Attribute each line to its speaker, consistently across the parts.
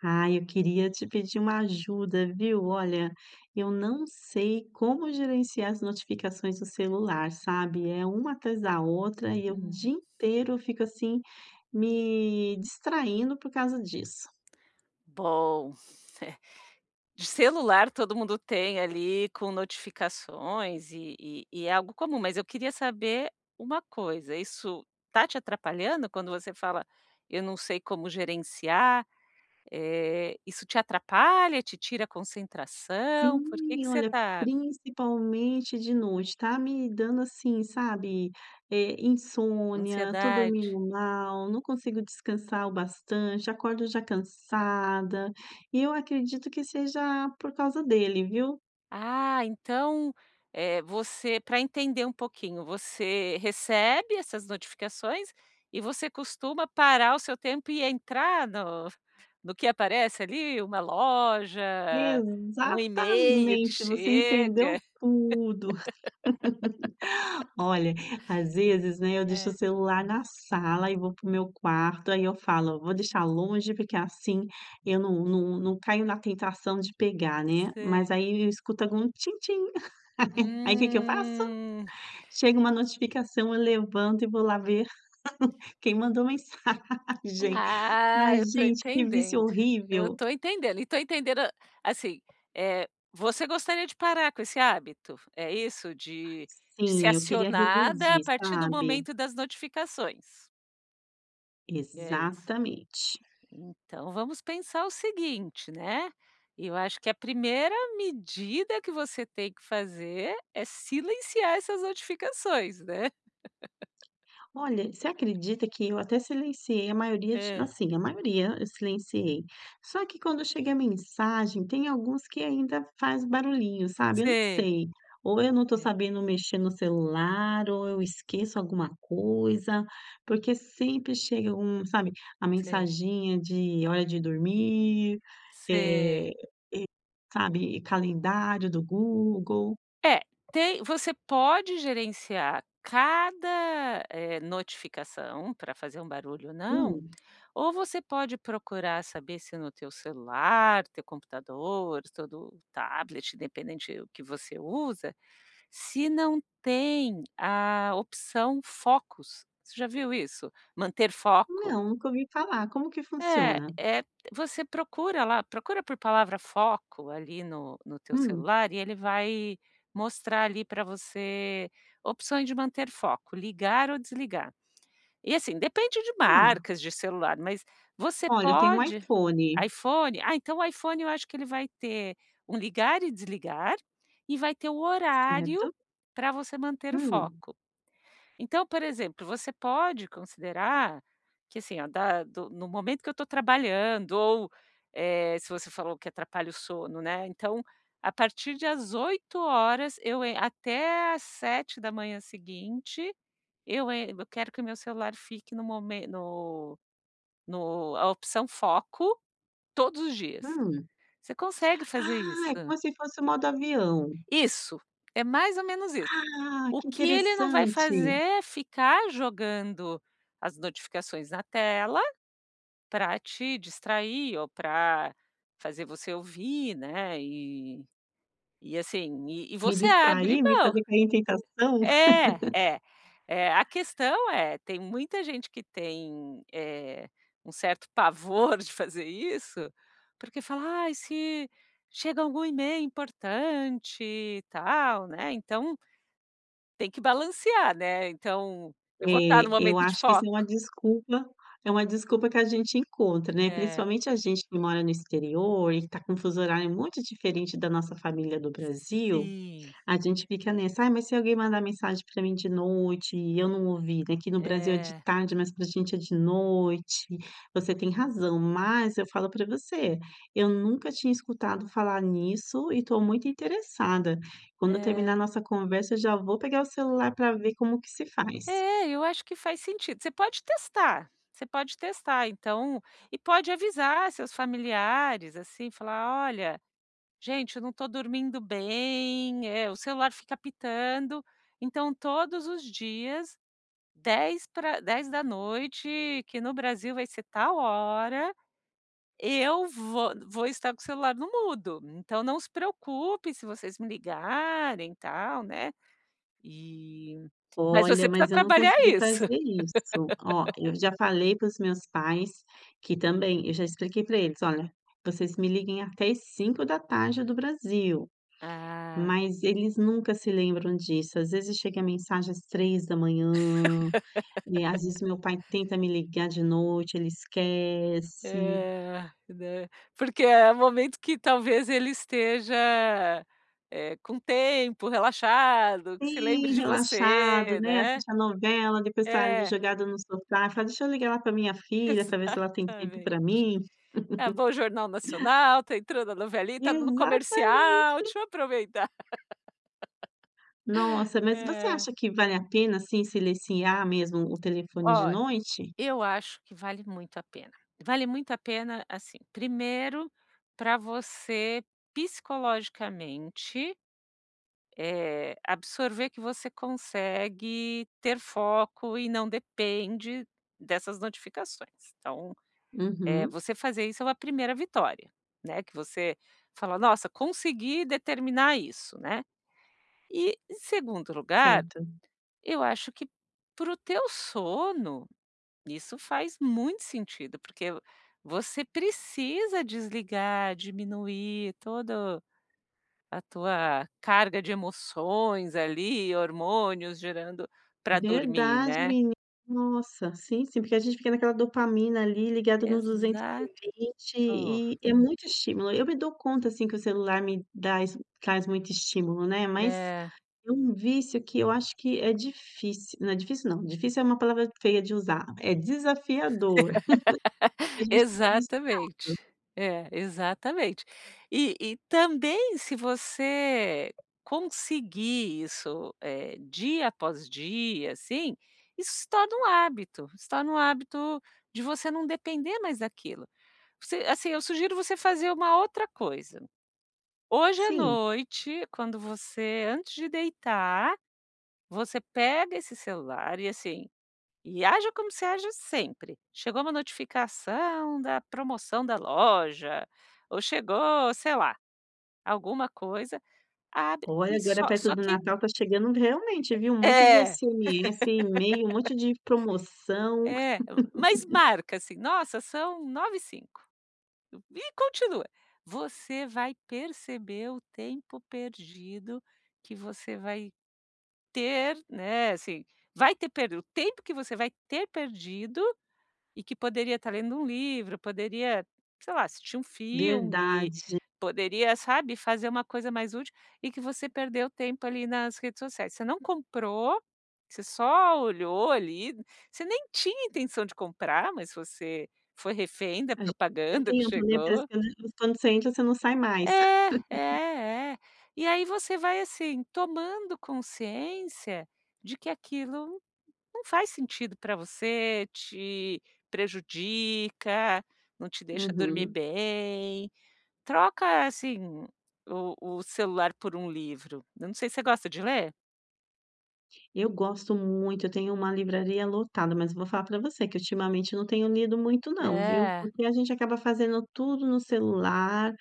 Speaker 1: Ah, eu queria te pedir uma ajuda, viu, olha, eu não sei como gerenciar as notificações do celular, sabe, é uma atrás da outra e eu o
Speaker 2: Hum.
Speaker 1: dia inteiro eu fico, assim, me distraindo por causa disso.
Speaker 2: Bom, eh, de celular, todo mundo tem ali com notificações e e e é algo comum, mas eu queria saber uma coisa, isso está te atrapalhando quando você fala: "Eu não sei como gerenciar", eh, isso te atrapalha, te tira a concentração, por que
Speaker 1: Sim,
Speaker 2: que você
Speaker 1: olha,
Speaker 2: tá
Speaker 1: principalmente de noite, tá me dando, assim, sabe, eh, insônia, estou
Speaker 2: Ansiedade.
Speaker 1: dormindo mal, não consigo descansar o bastante, acordo já cansada, e eu acredito que seja por causa dele, viu.
Speaker 2: Ah, então, eh, você para entender um pouquinho, você recebe essas notificações e você costuma parar o seu tempo e entrar no no que aparece ali uma loja, um email que
Speaker 1: Exatamente, você entendeu
Speaker 2: chega?
Speaker 1: tudo, olha, às vezes, né, eu deixo o
Speaker 2: É.
Speaker 1: celular na sala e vou para o meu quarto aí eu falo: "Vou deixar longe, porque assim eu não não não caio na tentação de pegar, né", mas
Speaker 2: Sei.
Speaker 1: aí eu escuto com tin-tin e aí que que eu faço?
Speaker 2: Hum.
Speaker 1: Chega uma notificação, eu levanto e vou lá ver quem mandou mensagem. Ai
Speaker 2: Ah, eu tô
Speaker 1: gente que vício
Speaker 2: entendendo, eu
Speaker 1: horrível.
Speaker 2: tô entendendo e tô entendendo, assim, eh, você gostaria de parar com esse hábito, é isso? De de ser
Speaker 1: Sim, eu queria
Speaker 2: acionada a
Speaker 1: reduzir,
Speaker 2: partir do
Speaker 1: sabe.
Speaker 2: momento das notificações? É isso.
Speaker 1: Exatamente.
Speaker 2: Então, vamos pensar o seguinte, né, eu acho que a primeira medida que você tem que fazer é silenciar essas notificações, né?
Speaker 1: Olha, você acredita que eu até silenciei a maioria de
Speaker 2: Hã.
Speaker 1: assim, a maioria eu silenciei. Só que quando chega a mensagem, tem alguns que ainda faz barulhinho, sabe. Eu não
Speaker 2: Sei.
Speaker 1: sei. Ou eu não estou
Speaker 2: É.
Speaker 1: sabendo mexer no celular ou eu esqueço alguma coisa, porque sempre chega um sabe, a
Speaker 2: Sim.
Speaker 1: mensaginha de hora de dormir, eh,
Speaker 2: Sei.
Speaker 1: e sabe, calendário do Google.
Speaker 2: É tem você pode gerenciar cada, eh, notificação para fazer um barulho ou não,
Speaker 1: Hum.
Speaker 2: ou você pode procurar saber se no teu celular, teu computador, todo tablet, independente do que você usa, se não tem a opção focus, você já viu isso? Manter foco?
Speaker 1: Não, nunca ouvi falar. Como que
Speaker 2: É,
Speaker 1: funciona?
Speaker 2: é. Você procura lá procura por palavra foco ali no no teu
Speaker 1: Hum.
Speaker 2: celular e ele vai mostrar ali pra você opções de manter foco, ligar ou desligar, e assim, depende de
Speaker 1: Ah.
Speaker 2: marcas de celular, mas você
Speaker 1: Olha, eu tenho um
Speaker 2: pode
Speaker 1: iPhone.
Speaker 2: iPhone? Ah, então o iPhone eu acho que ele vai ter um ligar e desligar e vai ter o horário
Speaker 1: Certo.
Speaker 2: para você manter o
Speaker 1: Hum.
Speaker 2: foco. Então, por exemplo, você pode considerar que assim da do no momento que eu estou trabalhando ou, eh, se você falou que atrapalha o sono, né, então, a partir de as 20h eu en até às 7h seguinte, eu en eu quero que o meu celular fique no mo no no a opção foco todos os dias.
Speaker 1: Hum.
Speaker 2: Você consegue fazer isso.
Speaker 1: Ah, é como se fosse o modo avião.
Speaker 2: Isso! É mais ou menos isso.
Speaker 1: Ah,
Speaker 2: O
Speaker 1: que
Speaker 2: que ele não vai fazer
Speaker 1: interessante.
Speaker 2: é ficar jogando as notificações na tela pra te distrair ou para fazer você ouvir, né. E e assim e e
Speaker 1: Me
Speaker 2: você abre
Speaker 1: distrair, me
Speaker 2: mão.
Speaker 1: fazer cair em tentação.
Speaker 2: É, é, é. A questão é tem muita gente que tem, eh, um certo pavor de fazer isso, porque fala: "Ai, se chega algum e-mail importante e tal", né? Então tem que balancear, né. Então, eu
Speaker 1: É,
Speaker 2: vou estar no
Speaker 1: eu
Speaker 2: momento de
Speaker 1: acho que isso
Speaker 2: foco.
Speaker 1: é uma desculpa. É uma desculpa que a gente encontra, né.
Speaker 2: É.
Speaker 1: Principalmente a gente que mora no exterior e que está com um fuso horário muito diferente da nossa família do Brasil.
Speaker 2: Sim.
Speaker 1: A gente fica nessa "ai, mas e se alguém mandar mensagem para mim de noite e eu não ouvir?", "aqui no Brasil é de
Speaker 2: É.
Speaker 1: tarde, mas para a gente é de noite". Você tem razão, mas, eu falo para você, eu nunca tinha escutado falar nisso e estou muito interessada. Quando eu terminar a
Speaker 2: É.
Speaker 1: nossa conversa, eu já vou pegar o celular para ver como que se faz.
Speaker 2: É, eu acho que faz sentido. Você pode testar, você pode testar. Então e pode avisar seus familiares assim e falar: "Olha, gente, eu não estou dormindo bem, eh, o celular fica apitando, então todos os dias 10 pra 22h que no Brasil vai ser tal hora, eu vou vou estar com o celular no mudo. Então não se preocupe se vocês me ligarem e tal", né. E mas você
Speaker 1: Olha,
Speaker 2: precisa
Speaker 1: mas eu não
Speaker 2: trabalhar
Speaker 1: consegui
Speaker 2: isso.
Speaker 1: fazer isso. Ó, eu já falei para os meus pais que, também eu já expliquei para eles: "Olha, vocês me liguem até às 17h do Brasil",
Speaker 2: Ah.
Speaker 1: mas eles nunca se lembram disso. Às vezes chega a mensagem às 3h e às vezes meu pai tenta me ligar de noite. Ele esquece.
Speaker 2: É, né. Porque é o momento que, talvez, ele esteja, eh, com tempo, relaxado, que se lembre
Speaker 1: Sim,
Speaker 2: de
Speaker 1: relaxado,
Speaker 2: você,
Speaker 1: né?
Speaker 2: né?
Speaker 1: Assistir a novela, depois tá ali
Speaker 2: É.
Speaker 1: jogado no sofá, fala: "Deixa eu ligar lá pra minha filha, pra ver se ela tem tempo
Speaker 2: Exatamente.
Speaker 1: para mim."
Speaker 2: É bom o Jornal Nacional, está entrando a novelita, no
Speaker 1: Exatamente.
Speaker 2: comercial. Deixa eu aproveitar!
Speaker 1: Nossa, mas você
Speaker 2: É.
Speaker 1: acha que vale a pena assim silenciar mesmo o telefone de
Speaker 2: Olha,
Speaker 1: noite?
Speaker 2: eu acho que vale muito a pena. Vale muito a pena, assim, 1º para você psicologicamente, eh, absorver que você consegue ter foco e não depende dessas notificações. Então, eh,
Speaker 1: Uhum.
Speaker 2: você fazer isso é a primeira vitória, né, que você fala: "Nossa, conseguir determinar isso", né. E, em segundo lugar,
Speaker 1: Certo.
Speaker 2: eu acho que para o teu sono isso faz muito sentido, porque você precisa desligar, diminuir todo a tua carga de emoções ali, hormônios gerando para dormir,
Speaker 1: Verdade,
Speaker 2: né?
Speaker 1: meni nossa, sim, sim, porque a gente fica naquela dopamina ali, ligada no duzentos
Speaker 2: Exato.
Speaker 1: e vinte e é muito estímulo. Eu me dou conta assim que o celular me dras traz muito estímulo, né. Mas
Speaker 2: É.
Speaker 1: é um vício que eu acho que é difíci não, difícil não, difícil é uma palavra feia de usar. É desafiador, que a gente fica viciado.
Speaker 2: Exatamente. É, exatamente. E e também se você conseguir isso, eh, dia após dia, assim, isso se torna um hábito, se torna um hábito de você não depender mais daquilo. Você assim, eu sugiro você fazer uma outra coisa: hoje à
Speaker 1: Sim.
Speaker 2: noite, quando você antes de deitar, você pega esse celular e, assim, e haja como você haja sempre. Chegou uma notificação da promoção da loja ou chegou sei lá alguma coisa, abre
Speaker 1: Olha,
Speaker 2: e
Speaker 1: agora
Speaker 2: só
Speaker 1: perto
Speaker 2: só
Speaker 1: do
Speaker 2: que
Speaker 1: Natal tá chegando realmente, viu? Um
Speaker 2: É
Speaker 1: monte de
Speaker 2: é.
Speaker 1: SMS, e-mail, um monte de promoção.
Speaker 2: É, mas marca, assim, nossa, são 21h05 e continua. Você vai perceber o tempo perdido que você vai ter, né, assim, vai ter per o tempo que você vai ter perdido e que poderia estar lendo um livro, poderia, sei lá, assistir um filme,
Speaker 1: Verdade.
Speaker 2: poderia, sabe, fazer uma coisa mais útil e que você perdeu tempo ali nas redes sociais, você não comprou, você só olhou ali. Você nem tinha intenção de comprar, mas você foi refém da
Speaker 1: A gente perde
Speaker 2: propaganda que
Speaker 1: tempo, né. Parece
Speaker 2: chegou.
Speaker 1: que quand quando você entra, você não sai mais.
Speaker 2: É, é, é. E aí você vai, assim, tomando consciência de que aquilo não faz sentido para você, te prejudica, não te deixa dormir
Speaker 1: Uhum.
Speaker 2: bem. Troca, assim, o o celular por um livro. Eu não sei, você gosta de ler?
Speaker 1: Eu gosto muito, eu tenho uma livraria lotada, mas eu vou falar para você que ultimamente eu não tenho lido muito, não viu,
Speaker 2: É.
Speaker 1: porque a gente acaba fazendo tudo no celular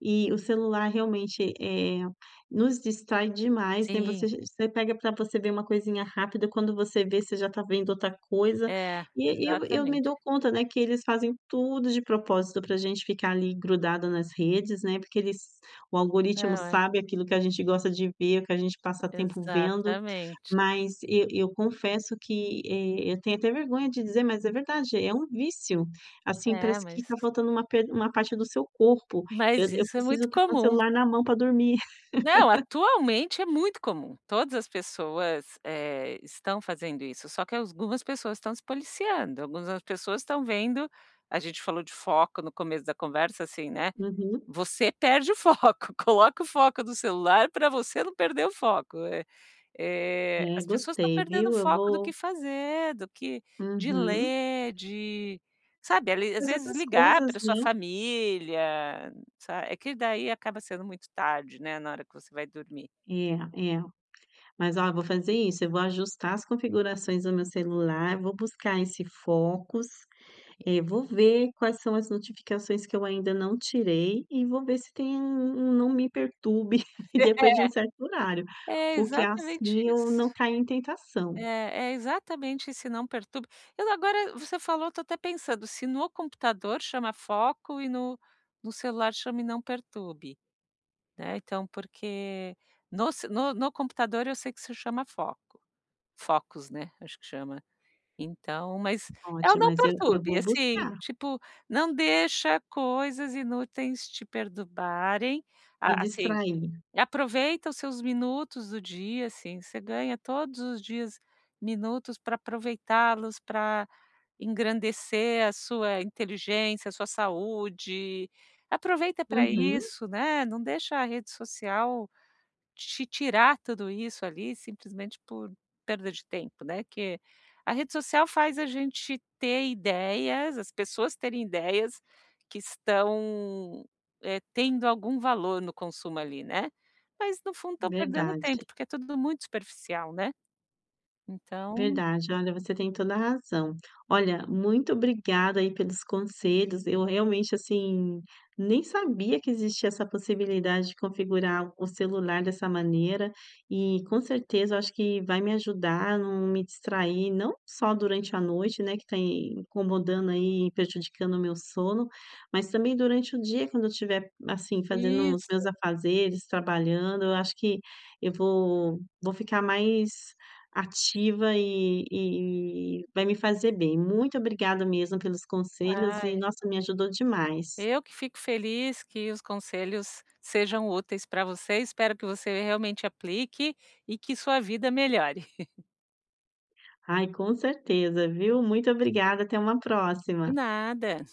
Speaker 1: e o celular realmente, eh, nos distrai demais, né,
Speaker 2: Sim.
Speaker 1: você você pega para você ver uma coisinha rápida, quando você vê, você já tá vendo outra coisa
Speaker 2: É,
Speaker 1: e e eu eu me
Speaker 2: exatamente.
Speaker 1: dou conta, né, que eles fazem, tudo de propósito para a gente ficar ali grudado nas redes, né, porque eles o algoritmo
Speaker 2: Não, é.
Speaker 1: sabe aquilo que a gente gosta de ver, o que a gente passa tempo vendo,
Speaker 2: Exatamente.
Speaker 1: mas e eu confesso que, eh, eu tenho até vergonha de dizer, mas é verdade, é um vício, assim,
Speaker 2: É,
Speaker 1: parece que está
Speaker 2: mas
Speaker 1: faltando uma pe uma parte do seu corpo. Eu
Speaker 2: Mas
Speaker 1: eu
Speaker 2: isso é muito
Speaker 1: preciso trocar um
Speaker 2: comum.
Speaker 1: celular na mão para dormir.
Speaker 2: Não. Atualmente é muito comum. Todas as pessoas, eh, estão fazendo isso. Só que algumas pessoas estão se policiando, algumas pessoas estão vendo. A gente falou de foco no começo da conversa, assim, né,
Speaker 1: Uhum.
Speaker 2: você perde o foco, coloca o foco no celular para você não perder o foco, é. Eh,
Speaker 1: É,
Speaker 2: as pessoas estão
Speaker 1: gostei,
Speaker 2: perdendo o
Speaker 1: viu, eu
Speaker 2: foco do
Speaker 1: vou
Speaker 2: que fazer do que de
Speaker 1: Uhum.
Speaker 2: ler, de sabe ali, às
Speaker 1: As
Speaker 2: vezes
Speaker 1: outras
Speaker 2: ligar
Speaker 1: coisas,
Speaker 2: para a sua
Speaker 1: né?
Speaker 2: família, sabe é que daí acaba sendo muito tarde, né, na hora que você vai dormir.
Speaker 1: É é, mas ó, eu vou fazer isso, eu vou ajustar as configurações do meu celular, vou buscar esse focus, eh, vou ver quais são as notificações que eu ainda não tirei, e vou ver se tem um um não me perturbe depois de um certo horário,
Speaker 2: É, é
Speaker 1: porque
Speaker 2: exatamente
Speaker 1: assim eu não
Speaker 2: isso.
Speaker 1: cai em tentação.
Speaker 2: É é exatamente esse não perturbe. Eu agora você falou, eu tô até pensando, se no computador chama foco e no no celular chama não perturbe, né, então, porque no ce no no computador, eu sei que se chama foco, focus, né, acho que chama então, mas é o
Speaker 1: Ótimo,
Speaker 2: não
Speaker 1: mas eu eu
Speaker 2: perturbe,
Speaker 1: vou
Speaker 2: assim,
Speaker 1: buscar.
Speaker 2: tipo não deixa coisas inúteis te perturbarem.
Speaker 1: Me
Speaker 2: A assim,
Speaker 1: distrair.
Speaker 2: aproveita os seus minutos do dia, assim, você ganha todos os dias, minutos para aproveitá-los pra engrandecer a sua inteligência, a sua saúde, aproveita para
Speaker 1: Uhum.
Speaker 2: isso, né, não deixa a rede social te tirar tudo isso ali simplesmente por perda de tempo, né, que a rede social faz a gente ter ideias, as pessoas terem ideias que estão, eh, tendo algum valor no consumo ali, né, mas no fundo estão perdendo tempo,
Speaker 1: Verdade.
Speaker 2: porque é tudo muito superficial, né, então.
Speaker 1: Verdade. Olha, você tem toda a razão, olha, muito obrigada aí pelos conselhos. Eu realmente, assim, nem sabia que existia essa possibilidade de configurar o celular dessa maneira, e com certeza eu acho que vai me ajudar não me distrair, não só durante a noite, né, que tem incomodando aí, prejudicando o meu sono, mas também durante o dia, quando eu tiver, assim, fazendo os
Speaker 2: Isso.
Speaker 1: meus afazeres trabalhando, eu acho que eu vou vou ficar mais ativa e e vai me fazer bem. Muito obrigada mesmo pelos
Speaker 2: Ah
Speaker 1: conselhos
Speaker 2: é.
Speaker 1: e, nossa, me ajudou demais.
Speaker 2: Eu que fico feliz, que os conselhos sejam úteis para você. Espero que você realmente aplique e que sua vida melhore.
Speaker 1: Ai, com certeza, viu, muito obrigada até uma
Speaker 2: De
Speaker 1: próxima.
Speaker 2: nada.